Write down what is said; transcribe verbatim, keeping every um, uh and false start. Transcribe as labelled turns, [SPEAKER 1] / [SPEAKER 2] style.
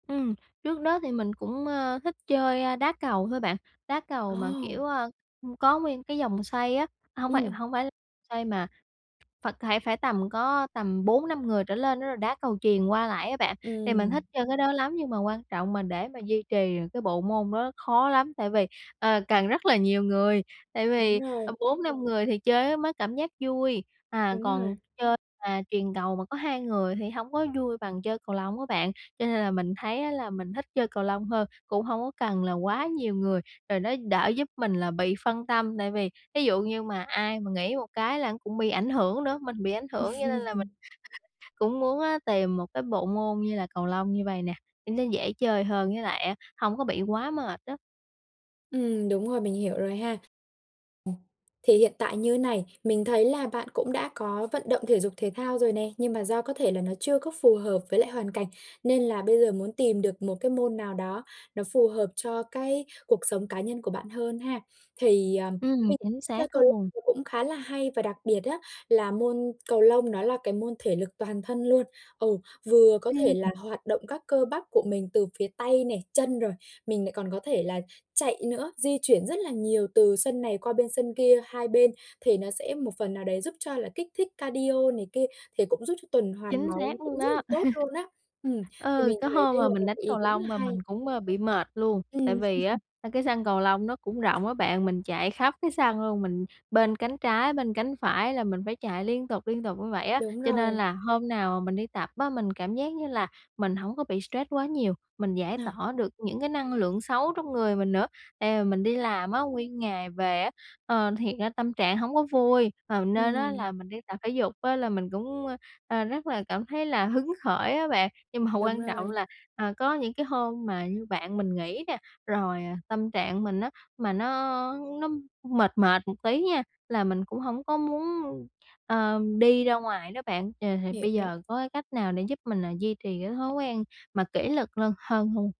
[SPEAKER 1] Ừm, trước đó thì mình cũng, à, thích chơi, a, đá cầu thôi bạn, đá cầu mà,
[SPEAKER 2] Ồ!
[SPEAKER 1] kiểu, à, ừm, có nguyên cái vòng xoay á, hông phải
[SPEAKER 2] Ừm.
[SPEAKER 1] hông phải xoay mà phải phải tầm có tầm bốn năm người trở lên á, rồi đá cầu chuyền qua lại á bạn. Thì mình
[SPEAKER 2] Ừm.
[SPEAKER 1] thích chơi cái đó lắm, nhưng mà quan trọng mà để mà duy trì được cái bộ môn đó khó lắm, tại vì, ờ, cần rất là nhiều người. Tại
[SPEAKER 2] Đúng
[SPEAKER 1] vì,
[SPEAKER 2] rồi.
[SPEAKER 1] ờ, bốn năm người thì chơi á mới cảm giác vui, à,
[SPEAKER 2] Đúng
[SPEAKER 1] còn
[SPEAKER 2] rồi.
[SPEAKER 1] chơi mà chuyền cầu mà có hai người thì hổng có vui bằng chơi cầu lông á bạn, cho nên là mình thấy á là mình thích chơi cầu lông hơn, cũng hông có cần là quá nhiều người. Rồi nó đỡ giúp mình là bị phân tâm, tại vì thí dụ như mà ai mà nghỉ một cái là cũng bị ảnh hưởng nữa, mình bị ảnh hưởng cho nên là mình cũng muốn, a, tìm một cái bộ môn như là cầu lông như vậy nè, nó dễ chơi hơn với lại á hông có bị quá mệt á.
[SPEAKER 2] Ừm, đúng rồi, mình hiểu rồi ha! Ừm, thì hiện tại như thế này, mình thấy là bạn cũng đã có vận động thể dục thể thao rồi nè, nhưng mà do có thể là nó chưa có phù hợp với lại hoàn cảnh, nên là bây giờ muốn tìm được một cái môn nào đó nó phù hợp cho cái cuộc sống cá nhân của bạn hơn ha! Thì, à,
[SPEAKER 1] Ừm,
[SPEAKER 2] mình
[SPEAKER 1] chính
[SPEAKER 2] chơi
[SPEAKER 1] xác
[SPEAKER 2] cầu lông
[SPEAKER 1] luôn!
[SPEAKER 2] cũng khá là hay, và đặc biệt á là môn cầu lông nó là cái môn thể lực toàn thân luôn. Ừ, vừa có thể
[SPEAKER 1] Ừm.
[SPEAKER 2] là hoạt động các cơ bắp của mình từ phía tay nè, chân, rồi mình lại còn có thể là chạy nữa, di chuyển rất là nhiều từ sân này qua bên sân kia hai bên, thì nó sẽ một phần nào đấy giúp cho là kích thích cardio này kia, thì cũng giúp cho tuần hoàn
[SPEAKER 1] Chính
[SPEAKER 2] máu nó
[SPEAKER 1] xác
[SPEAKER 2] cũng
[SPEAKER 1] luôn
[SPEAKER 2] rất là
[SPEAKER 1] đó!
[SPEAKER 2] tốt luôn á. Ừm, thì
[SPEAKER 1] Ờ,
[SPEAKER 2] mình
[SPEAKER 1] có
[SPEAKER 2] thấy
[SPEAKER 1] hôm
[SPEAKER 2] đây
[SPEAKER 1] mà
[SPEAKER 2] là
[SPEAKER 1] mình
[SPEAKER 2] một
[SPEAKER 1] đánh
[SPEAKER 2] cái ý
[SPEAKER 1] cầu
[SPEAKER 2] đúng là
[SPEAKER 1] lông mà
[SPEAKER 2] hay.
[SPEAKER 1] mình cũng, ơ, bị mệt luôn, tại
[SPEAKER 2] Ừm.
[SPEAKER 1] vì á, a, cái sân cầu lông nó cũng rộng á bạn, mình chạy khắp cái sân luôn, mình bên cánh trái, bên cánh phải là mình phải chạy liên tục liên tục như vậy á.
[SPEAKER 2] Đúng
[SPEAKER 1] Cho nên
[SPEAKER 2] rồi.
[SPEAKER 1] là hôm nào mà mình đi tập á, mình cảm giác như là mình hổng có bị stress quá nhiều, mình giải
[SPEAKER 2] Ờ.
[SPEAKER 1] tỏa được những cái năng lượng xấu trong người mình nữa. Tại vì mình đi làm á nguyên ngày về á, ờ, thiệt ra tâm trạng hổng có vui, à, nên á
[SPEAKER 2] Ừm.
[SPEAKER 1] là mình đi tập thể dục á là mình cũng, ơ, à, rất là cảm thấy là hứng khởi á bạn. Nhưng mà
[SPEAKER 2] Đúng
[SPEAKER 1] quan trọng
[SPEAKER 2] rồi.
[SPEAKER 1] là, à, có những cái hôm mà như bạn mình nghỉ nè, rồi, à, tâm trạng mình á, mà nó nó mệt mệt một tí nha, là mình cũng hổng có muốn, ưm, ờ, đi ra ngoài đó bạn. Ờ, thì bây
[SPEAKER 2] Hiểu!
[SPEAKER 1] giờ có cái cách nào để giúp mình, ờ, duy trì cái thói quen mà kỷ luật lơn hơn hông?